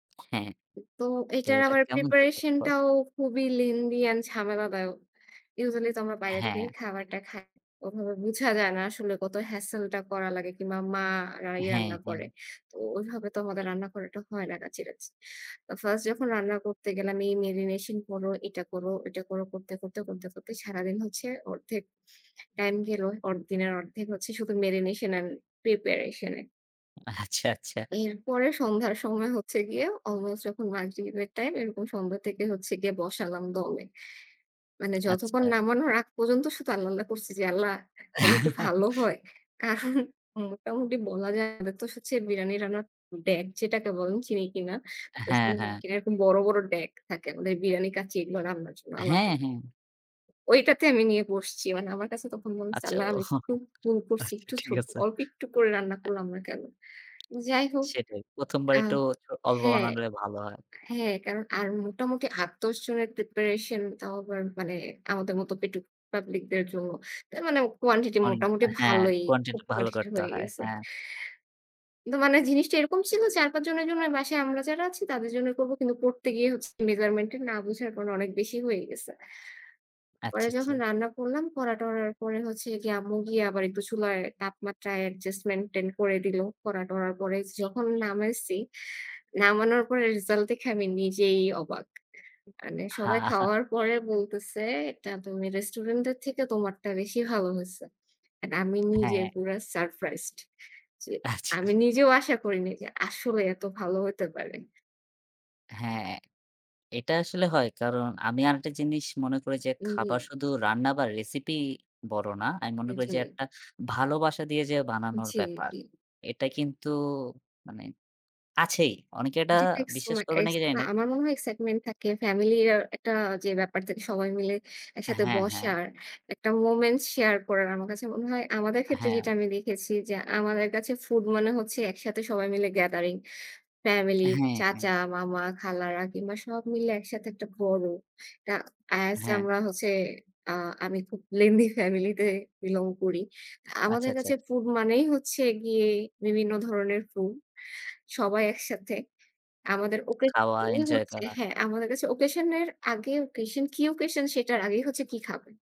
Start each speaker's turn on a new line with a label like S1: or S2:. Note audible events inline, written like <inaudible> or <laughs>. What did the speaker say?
S1: হ্যাঁ।
S2: তো
S1: তো
S2: এইটার
S1: এটা
S2: আবার
S1: কেমন ছিল?
S2: preparation
S1: তারপর?
S2: টাও খুবই lengthy and ঝামেলাদায়ক। Usually তো আমরা বাইরে থেকেই
S1: হ্যাঁ।
S2: খাবারটা খাই। ওভাবে বোঝা যায় না আসলে কত hassle টা করা লাগে কিংবা মা রা এই
S1: হ্যাঁ,
S2: রান্না
S1: হ্যাঁ।
S2: করে। তো ওইভাবে তো আমাদের রান্না করাটা হয় না কাছে কাছে। তো First যখন রান্না করতে গেলাম এই marination করো, এটা করো, ওটা করো, করতে করতে, করতে করতে সারাদিন হচ্ছে অর্ধেক time গেলো। অর দিনের অর্ধেক হচ্ছে শুধু marination and preparation এ।
S1: আচ্ছা, আচ্ছা।
S2: এরপরে সন্ধ্যার সময় হচ্ছে গিয়ে almost যখন মাগরিবের time, এরকম সন্ধ্যা থেকে হচ্ছে গিয়ে বসালাম দমে। মানে যতক্ষণ
S1: আচ্ছা।
S2: নামানোর আগ পর্যন্ত শুধু আল্লাহ্, আল্লাহ্ করছি যে, "আল্লাহ্ যদি একটু ভালো
S1: <laughs>
S2: হয়।" কারণ মোটামুটি বলা যায় আমাদের তো হচ্ছে বিরানি রান্নার ডেগ যেটাকে বলেন, চিনি কিনা।
S1: হ্যাঁ,
S2: <unintelligible>
S1: হ্যাঁ।
S2: এরকম বড়, বড় ডেগ থাকে আমাদের বিরানি, কাচ্চি এগুলো রান্নার জন্য
S1: হ্যাঁ,
S2: আলাদাই।
S1: হ্যাঁ।
S2: ওইটাতে আমি নিয়ে বসছি। মানে আমার কাছে তখন মনে হচ্ছে
S1: আচ্ছা।
S2: আল্লাহ্ আমি
S1: ওহ
S2: একটু ভুল করছি।
S1: আচ্ছা
S2: একটু ছো
S1: ঠিক আছে।
S2: অল্প একটু করে রান্না
S1: আ
S2: করলাম না কেনো? যাই হোক
S1: সেটাই ১ম বার
S2: আ
S1: একটু চ অল্প
S2: হ্যাঁ,
S1: বানালে ভালো হয়।
S2: হ্যাঁ। কারণ আর মোটামুটি ৮-১০ জনের preparation তাও আবার মানে আমাদের মতো পেটুক public দের জন্য। তার মানে quantity
S1: অনেক
S2: মোটামুটি
S1: হ্যাঁ,
S2: ভালোই,
S1: quantity
S2: খুব
S1: ভালো
S2: quantity
S1: করতে
S2: হয়ে
S1: হয়।
S2: গেছে।
S1: হ্যাঁ।
S2: কিন্তু মানে জিনিসটা এরকম ছিল ৪-৫ জনের জন্য। বাসায় আমরা যারা আছি তাদের জন্য করবো। কিন্তু করতে গিয়ে হচ্ছে measurement না বোঝার কারণে অনেক বেশি হয়ে গেছে। পরে
S1: আচ্ছা,
S2: যখন
S1: আচ্ছা।
S2: রান্না করলাম, করা-টরার পরে হচ্ছে গিয়ে আম্মু গিয়ে আবার একটু চুলায় তাপমাত্রা adjustment-tent করে দিলো। করা-টরার পরে যখন নামাইছি, নামানোর পরে result দেখে আমি নিজেই অবাক। মানে
S1: হা,
S2: সবাই
S1: হা
S2: খাওয়ার পরে বলতেছে এটা তুমি restaurant এর থেকে তোমারটা বেশি ভালো হয়েছে। And আমি নিজে
S1: হ্যাঁ।
S2: পুরা surprised যে
S1: আচ্ছা।
S2: আমি নিজেও আশা করিনি যে আসলে এত ভালো হইতে পারে।
S1: হ্যাঁ। এটা আসলে হয় কারণ আমি আরেকটা জিনিস মনে করি যে
S2: উম জি।
S1: খাবার শুধু রান্না বা recipe বড় না। আমি মনে
S2: এ
S1: করি যে
S2: জি।
S1: একটা ভালোবাসা দিয়ে যে বানানোর
S2: জি,
S1: ব্যাপার।
S2: জি।
S1: এটা কিন্তু মানে আছেই। অনেকে এটা
S2: <unintelligible>
S1: বিশ্বাস করবে নাকি জানিনা
S2: আমার মনে হয় excitement থাকে family র একটা যে ব্যাপার থেকে সবাই মিলে একসাথে
S1: হ্যাঁ, হ্যাঁ।
S2: বসার একটা moment share করার। আমার কাছে মনে হয় আমাদের ক্ষেত্রে
S1: হ্যাঁ।
S2: যেটা আমি দেখেছি যে আমাদের কাছে food মানে হচ্ছে একসাথে সবাই মিলে gathering। Family,
S1: হ্যাঁ, হ্যাঁ।
S2: চাচা, মামা, খালারা কিংবা সব মিলে একসাথে একটা বড় এটা as
S1: হ্যাঁ।
S2: আমরা হচ্ছে, আ আমি খুব lengthy family তে belong করি।
S1: আচ্ছা,
S2: আমাদের
S1: আচ্ছা, আচ্ছা।
S2: কাছে food মানেই হচ্ছে গিয়ে বিভিন্ন ধরনের food, সবাই একসাথে। আমাদের
S1: <clicks tongue>
S2: occasion
S1: খাওয়া
S2: ই
S1: enjoy
S2: হচ্ছে
S1: করা।
S2: হ্যাঁ, আমাদের কাছে occasion এর আগে occasion, কি occasion সেটার আগেই হচ্ছে কি খাবে।